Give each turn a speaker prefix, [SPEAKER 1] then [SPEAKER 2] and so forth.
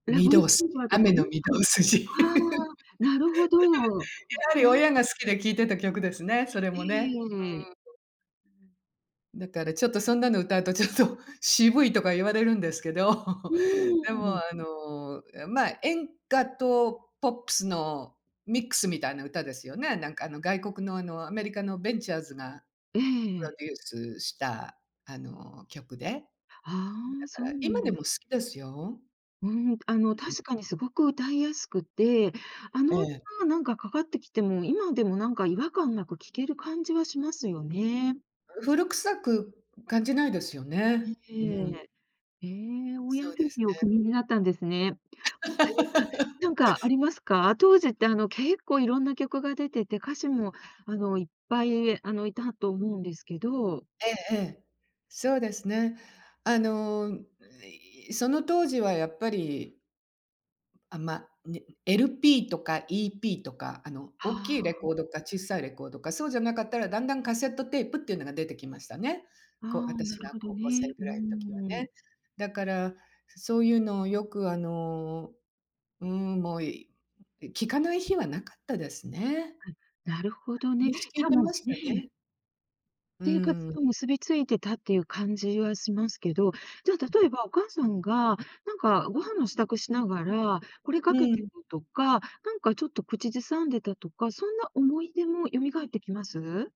[SPEAKER 1] 「ラ
[SPEAKER 2] 御
[SPEAKER 1] ヴ・イ
[SPEAKER 2] 堂
[SPEAKER 1] ズ・
[SPEAKER 2] 筋
[SPEAKER 1] オーヴァー」とか
[SPEAKER 2] 「雨の
[SPEAKER 1] ね。
[SPEAKER 2] 御堂筋」
[SPEAKER 1] ああ、なるほど。わ
[SPEAKER 2] やはり 親が好きで聴いてた曲ですね、それ
[SPEAKER 1] えええ
[SPEAKER 2] も
[SPEAKER 1] え
[SPEAKER 2] ね。
[SPEAKER 1] ええええ。
[SPEAKER 2] うーん、ううん。だからちょっとそんなの歌うとちょっと、渋いとか言われるんですけど、
[SPEAKER 1] う
[SPEAKER 2] で
[SPEAKER 1] ー
[SPEAKER 2] も
[SPEAKER 1] ん。
[SPEAKER 2] あの、え、ま、演歌とポップスのミックスみたいな歌ですよね。なんかあの、外国のあの、アメリカのベンチャーズが
[SPEAKER 1] え
[SPEAKER 2] プロ
[SPEAKER 1] え。
[SPEAKER 2] デュースしたあの、曲で、うん、だか
[SPEAKER 1] ああ。そう
[SPEAKER 2] ら
[SPEAKER 1] な
[SPEAKER 2] 今
[SPEAKER 1] んで
[SPEAKER 2] でも好きですよ。
[SPEAKER 1] うーん。あの、
[SPEAKER 2] うん。
[SPEAKER 1] 確かに凄く歌いやすくて、あ
[SPEAKER 2] え
[SPEAKER 1] の
[SPEAKER 2] え。
[SPEAKER 1] 歌なんかかかってきても、今でもなんか違和感なく聴ける感じはしますよね。
[SPEAKER 2] 古臭く感じないですよ
[SPEAKER 1] い
[SPEAKER 2] ね。うん。
[SPEAKER 1] ええ。ええ、欧
[SPEAKER 2] そ
[SPEAKER 1] 陽
[SPEAKER 2] う
[SPEAKER 1] 菲
[SPEAKER 2] です
[SPEAKER 1] 菲をお聴き
[SPEAKER 2] ね。
[SPEAKER 1] になったんですね。他には 何かありますか？当時ってあの、結構色んな曲が出てて、歌手もあの、いっぱい、あの、いたと思うんですけど。
[SPEAKER 2] ええええ。そうですね。あの、ん、いその当時はやっぱりあ、ま、ね LP とか EP とか、あの、おっ
[SPEAKER 1] は
[SPEAKER 2] きいレ
[SPEAKER 1] あ。
[SPEAKER 2] コードか小さいレコードか、そうじゃなかったら、だんだんカセットテープっていうのが出てきましたね。こう
[SPEAKER 1] ああ、な
[SPEAKER 2] 私
[SPEAKER 1] る
[SPEAKER 2] が
[SPEAKER 1] ほど
[SPEAKER 2] 高校生
[SPEAKER 1] ね。う
[SPEAKER 2] ぐらい時は
[SPEAKER 1] ー
[SPEAKER 2] ね。
[SPEAKER 1] ん。
[SPEAKER 2] だから、そういうのをよくあの、うーん、もう、いい聴かない日はなかったですね。
[SPEAKER 1] うん、なるほどね。
[SPEAKER 2] み
[SPEAKER 1] じ
[SPEAKER 2] し聴
[SPEAKER 1] ゃ
[SPEAKER 2] い
[SPEAKER 1] あ
[SPEAKER 2] て
[SPEAKER 1] も
[SPEAKER 2] まし
[SPEAKER 1] う、
[SPEAKER 2] た
[SPEAKER 1] ね。
[SPEAKER 2] ね。う
[SPEAKER 1] 生活
[SPEAKER 2] ーん。
[SPEAKER 1] と結びついてたっていう感じはしますけど、じゃ
[SPEAKER 2] うん。
[SPEAKER 1] あ、例えばお母さんが、なんかご飯の支度しながら、これ
[SPEAKER 2] う
[SPEAKER 1] かけて
[SPEAKER 2] ーん。
[SPEAKER 1] とか、なんかちょっと口ずさんでたとか、そんな思い出も蘇ってきます？